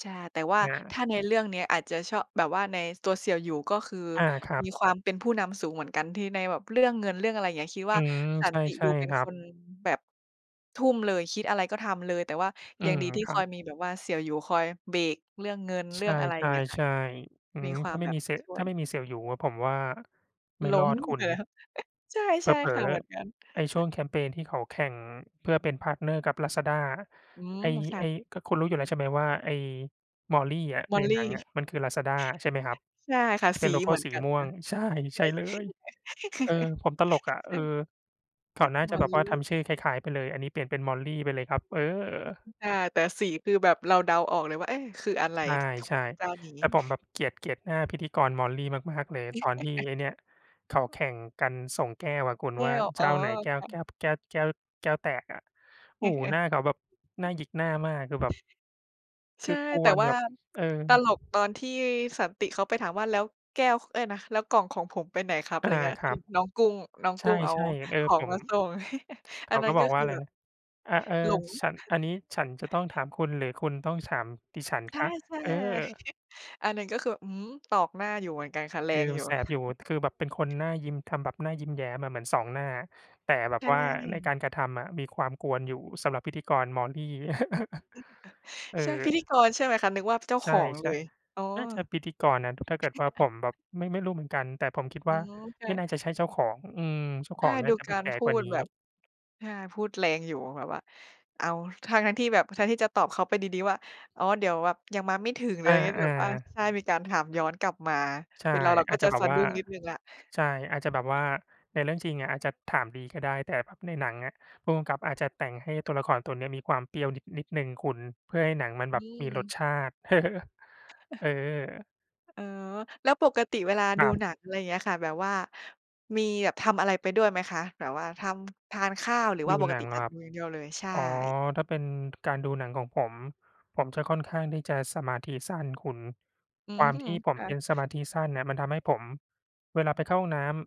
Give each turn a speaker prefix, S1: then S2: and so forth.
S1: ใช่ แต่ว่า
S2: อ
S1: ถ
S2: า
S1: ้าในเรื่องเนี้ย อาจจะชอบ แบบว่าในตัวเสี่ยวหยู ก็คือ
S2: อา ครับ
S1: มีความเป็นผู้นำสูงเหมือนกัน ที่ในแบบเรื่องเงิน เรื่องอะไรอย่างเงี้ย คิด
S2: อ
S1: ว
S2: ื
S1: ่า
S2: ม
S1: สั
S2: ใช
S1: น
S2: ่
S1: ติ
S2: ใช
S1: ด
S2: ่
S1: ูเป็
S2: ค
S1: น
S2: รั
S1: ค
S2: บ
S1: นแบบทุ่มเลย คิดอะไรก็ทำเลย แต่ว่า
S2: อื
S1: ยัง
S2: ม
S1: ดีที่
S2: ค
S1: ค
S2: รั
S1: อ
S2: บ
S1: ยมีแบบว่าเสี่ยวหยูคอยเบรกเรื่องเงิน เ
S2: ใ
S1: ร
S2: ช
S1: ื่องอะไรอย่างเงี้ยค่ะ
S2: ่ ๆ ๆ อื
S1: มี
S2: ม
S1: คว
S2: ถ
S1: า
S2: ้
S1: ม
S2: าไม
S1: แ
S2: ่
S1: บบ
S2: มีเซ
S1: ช่
S2: ถ
S1: ว
S2: ้าไ
S1: ย
S2: ม่มีเซลส์อยู่ ผมว่าไม่
S1: ล้
S2: รอ
S1: ม
S2: ดคุ
S1: เห
S2: ณ
S1: รอ? ใช่
S2: เ
S1: ใช่
S2: ผล
S1: ค
S2: อ
S1: ่ะ เหมือนกัน
S2: ๆ ไอ้ช่วงแคมเพนที่เขาแข่งเพื่อเป็น พาร์ตเนอร์ กับ Lazada
S1: อื
S2: ไอ
S1: ม
S2: ้
S1: ค่
S2: ไ
S1: ะ
S2: อ้ ก็คุณรู้อยู่แล้วใช่ไหมว่า ไอ้ Molly อะ ในห
S1: Molly
S2: นังอะมัน คือ Lazada ใช่ไหมครับ
S1: ใช่ค่ะ
S2: ที่เป
S1: ส
S2: ็
S1: ี
S2: นโลโก
S1: เ
S2: ้
S1: หมือ
S2: ส
S1: น
S2: ี
S1: กัน
S2: ม่
S1: น
S2: วง
S1: ะ
S2: ใช่
S1: ใ
S2: ใ
S1: ช
S2: ช่
S1: ่
S2: เลย เออ ผมตลกอะ
S1: ใ
S2: เ
S1: ช
S2: ออ
S1: ่
S2: เขาน่า
S1: ฮ
S2: จะแบบว
S1: Molly
S2: ่าทำชื่อคล้าย ๆ ไปเลย อันนี้เปลี่ยนเป็น Molly ไปเลยครับ เออ
S1: อา แต่สีคือแบบเราเดาออกเลยว่า เอ๊ะ คืออะไร
S2: ใ
S1: ท ข
S2: ช่
S1: เจ้านี้?
S2: ๆ แต่ผมแบบเกลียด เกลียดหน้าพิธีกร Molly มาก ๆ เลย ตอนที่ไอ้เนี่ย เขาแข่งกันส่งแก้วอะคุ
S1: แ
S2: ณ
S1: ก้
S2: ว่า
S1: ว
S2: เ
S1: อ
S2: จ
S1: ๋
S2: ้
S1: อ
S2: าไหนแก้
S1: ค
S2: ว
S1: ่ะ
S2: แก้ว แก้ว แก้ว แก้วแตกอะ โอ้โฮ หน้าเขาแบบน่าหยิกหน้ามาก คือแบบ
S1: ใ
S2: ค
S1: ช
S2: ื
S1: ่
S2: อก
S1: แต่
S2: วน
S1: ว่
S2: แ
S1: า
S2: บบ เออ
S1: ตลกตอนที่สันติเขาไปถามว่า "แล้วแก้ว ค เอ๊ย นะ แล้วกล่องของผมไปไหนครับ?" อ
S2: อ
S1: ะไร
S2: า
S1: อย่างเงี้ย
S2: ค
S1: ท
S2: รั
S1: ี่
S2: บ
S1: น้องกุ้ง น้อง
S2: ใช
S1: กุ้งเอา
S2: ่ ๆ เออ
S1: ขอ
S2: ผ
S1: งม
S2: ม
S1: าส่ง
S2: เข
S1: อัน
S2: า
S1: นั
S2: ก
S1: ้
S2: ็
S1: น
S2: บ
S1: ก็
S2: อกว
S1: ค
S2: ่า
S1: ื
S2: อ
S1: อ
S2: ะไร
S1: แบบ
S2: นะ อ เออ
S1: หลง
S2: "ฉัน อันนี้ฉันจะต้องถามคุณ หรือคุณต้องถามดิฉัน
S1: ใช
S2: ค
S1: ่
S2: ะ?"
S1: ใช่
S2: เอ
S1: เ
S2: อ
S1: ลย อันนั้นก็คือ อืม ตอกหน้าอยู่เหมือนกันค่ะ แร
S2: คือ
S1: งอ
S2: ม
S1: ย
S2: ั
S1: ู่
S2: นแส
S1: ค
S2: บ
S1: ่
S2: อยู่
S1: ะ
S2: คือแบบเป็นคนหน้ายิ้ม ทำแบบหน้ายิ้มแย้มอะ เหมือน 2 หน้า แต่แบ
S1: ใ
S2: บ
S1: ช
S2: ว่าในการ
S1: ่
S2: กระทำอะ มีความกวนอยู่ สำหรับพิธีกร Molly
S1: [unintelligible]
S2: เอ
S1: ใช่ พิ
S2: อ
S1: ธีกรใช่ไหมคะ? นึกว่าเจ้า
S2: ใช
S1: ข
S2: ่
S1: องเลย อ๋อ
S2: ๆ น่าจะพิธีกรนะ ถ้าเกิดว่าผมแบบ ไม่ ไม่รู้เหมือนกัน แต่ผมคิด
S1: อ
S2: ว
S1: ๋อ
S2: ่า
S1: ค
S2: ไ
S1: ่
S2: ม่
S1: ะ
S2: น่าจะใช่เจ้าของ อืม เจ้า
S1: ใ
S2: ข
S1: ช่
S2: องน่
S1: ด
S2: า
S1: ู
S2: จะแ
S1: ก
S2: บ
S1: า
S2: บ
S1: ร
S2: แก่
S1: พู
S2: กว่า
S1: ด
S2: นี้
S1: แบบ อา พูดแรงอยู่ แบบว่า อ้าว ทั้ง ๆ ที่แบบ แทนที่จะตอบเขาไปดี ๆ ว่า "อ๋อ เดี๋ยวแบบ ยังมาไม่ถึง" หรือ
S2: อ
S1: อะไรอย่างงี้ แ
S2: า
S1: บบว่า
S2: ๆ
S1: ใช่ มีการถามย้อนกลับมา
S2: ใช่
S1: เป็นเราเรา
S2: อ
S1: ก
S2: า
S1: ็
S2: จจะ
S1: จะ
S2: แบ
S1: ส
S2: บ
S1: ะ
S2: ว่
S1: ด
S2: า
S1: ุ้งนิดหนึ่งแล้ว
S2: ใช่ อาจจะแบบว่าในเรื่องจริงอะอาจจะถามดีก็ได้ แต่ พ ในหนังอะ ผู้กำกับอาจจะแต่งให้ตัวละครตัวเนี้ยมีความเปรี้ยวนิด นิดหนึ่งคุณ เพื่อให้หนังมันแบ
S1: น
S2: บ
S1: ี
S2: มีรส
S1: ่
S2: ชาติ
S1: อ
S2: เออ
S1: อ๋อ แล้วปกติเวลา
S2: ค
S1: ด
S2: ร
S1: ู
S2: ับ
S1: หนัง อะไรอย่างเงี้ยค่ะ แบบว่ามีแบบทำอะไรไปด้วยไหมคะ? แบบว่าทำ ทานข้าว? หรือว
S2: ด
S1: ่า
S2: ู
S1: ปก
S2: หนั
S1: ติ
S2: งเหร
S1: จะ
S2: อค
S1: ด
S2: ร
S1: ู
S2: ับ?
S1: อย่างเดียวเลย? ใช่
S2: อ๋อ ถ้าเป็นการดูหนังของผม ผมจะค่อนข้างที่จะสมาธิสั้นคุณ
S1: อื
S2: ความ
S1: อ
S2: ที่ผม
S1: ค่
S2: เป
S1: ะ
S2: ็นสมาธิสั้นเนี่ยมันทำให้ผม เวลาไปเข้าห้องน้ำ